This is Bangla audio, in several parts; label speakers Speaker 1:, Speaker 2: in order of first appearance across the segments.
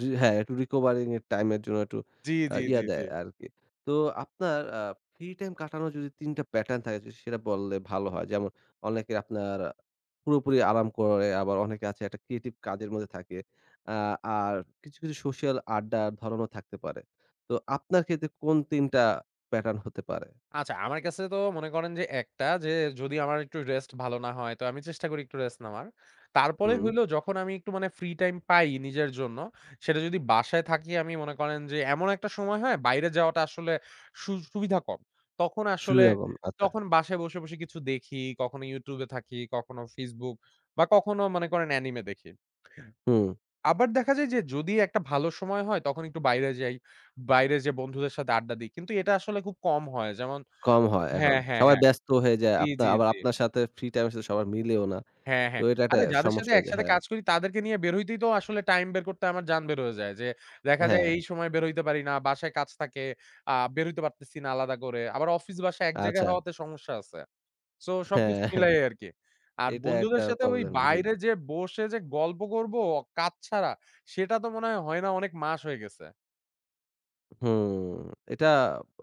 Speaker 1: জি, হ্যাঁ, একটু recovering এর টাইমের জন্য একটু
Speaker 2: জি,
Speaker 1: আ
Speaker 2: জি,
Speaker 1: ইয়া
Speaker 2: জি, জি।
Speaker 1: দেয় আরকি। তো আপনার আ ফ্রি টাইম কাটানোর যদি ৩ টা প্যাটার্ন থাকে। যদি সেটা বললে, ভালো হয়। যেমন অনেকে আপনার পুরোপুরি আরাম করে, আবার অনেকে আছে একটা ক্রিয়েটিভ কাজের মধ্যে থাকে। আ আর কিছু, কিছু সোশ্যাল আড্ডার ধরনও থাকতে পারে। তো আপনার ক্ষেত্রে কোন ৩ টা প্যাটার্ন হতে পারে?
Speaker 2: আচ্ছা, আমার কাছে তো মনে করেন যে একটা যে যদি আমার একটু রেস্ট ভালো না হয়, তো আমি চেষ্টা করি একটু রেস্ট নেওয়ার। তারপরে
Speaker 1: হুম।
Speaker 2: হলো, যখন আমি একটু মানে ফ্রি টাইম পাই নিজের জন্য, সেটা যদি বাসায় থাকি, আমি মনে করেন যে এমন একটা সময় হয়, বাইরে যাওয়াটা আসলে সু সুবিধা কম। তখন আসলে
Speaker 1: শুই এবং ভাতা।
Speaker 2: তখন বাসায় বসে, বসে কিছু দেখি। কখনো YouTube এ থাকি, কখনো Facebook বা, কখনো মনে করেন anime দেখি।
Speaker 1: হুম।
Speaker 2: আবার দেখা যায় যে যদি একটা ভালো সময় হয়, তখন একটু বাইরে যাই, বাইরে যেয়ে বন্ধুদের সাথে আড্ডা দিই। কিন্তু এটা আসলে খুব কম হয। যেমন
Speaker 1: কম হয় এখন।
Speaker 2: হ্যাঁ, হ্যাঁ,
Speaker 1: সবাই
Speaker 2: হ্যাঁ।
Speaker 1: ব্যস্ত হয়ে যায়।
Speaker 2: জি,
Speaker 1: আপনার
Speaker 2: জি,
Speaker 1: আবার
Speaker 2: জি।
Speaker 1: আপনার সাথে ফ্রি টাইমের সাথে সবার মিলেও না।
Speaker 2: হ্যাঁ,
Speaker 1: তো
Speaker 2: হ্যাঁ।
Speaker 1: এটা একটা
Speaker 2: আরে যাদের
Speaker 1: সমস্যা
Speaker 2: সাথে
Speaker 1: হয়ে যায়।
Speaker 2: একসাথে
Speaker 1: হ্যাঁ।
Speaker 2: কাজ করি, তাদেরকে নিয়ে বের হইতেই তো আসলে টাইম বের করতে আমার জান বের হয়ে যায়। যে দেখা যায়
Speaker 1: হ্যাঁ।
Speaker 2: এই সময় বের হইতে পারি না, বাসায় কাজ থাকে, আ বের হইতে পারতেছি না আলাদা করে। আবার অফিস, বাসা এক জায়গায়
Speaker 1: আচ্ছা।
Speaker 2: হওয়াতে সমস্যা আছে। সো
Speaker 1: হ্যাঁ,
Speaker 2: সবকিছু
Speaker 1: হ্যাঁ।
Speaker 2: মিলাই আরকি। আর
Speaker 1: এটা একটা
Speaker 2: বন্ধুদের সাথে ওই
Speaker 1: প্রবলেম, জি।
Speaker 2: বাইরে যে বসে যে গল্প করবো কাজ ছাড়া, সেটা তো মনে হয়, হয় না অনেক মাস হয়ে গেছে।
Speaker 1: হুম, এটা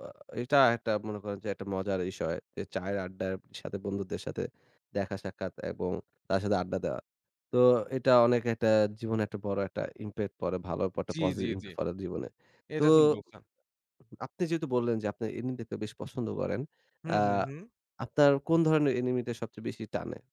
Speaker 1: অ এটা একটা মনে করেন যে একটা মজার বিষয়। যে চায়ের আড্ডার সাথে বন্ধুদের সাথে দেখা সাক্ষাৎ এবং তার সাথে আড্ডা দেওয়া। তো এটা অনেক একটা জীবনে একটা বড় একটা impact পড়ে, ভালো পটা
Speaker 2: জি, জি,
Speaker 1: পজিটিভ ইম
Speaker 2: জি।
Speaker 1: ফেলে জীবনে। তো,
Speaker 2: এটা ঠিক বলছেন।
Speaker 1: অ আপনি যেহেতু বললেন যে আপনি anime দেখতে বেশ পছন্দ করেন, আ
Speaker 2: হুম, হু, হু।
Speaker 1: আপনার কোন ধরণের anime তে সবচেয়ে বেশি টানে?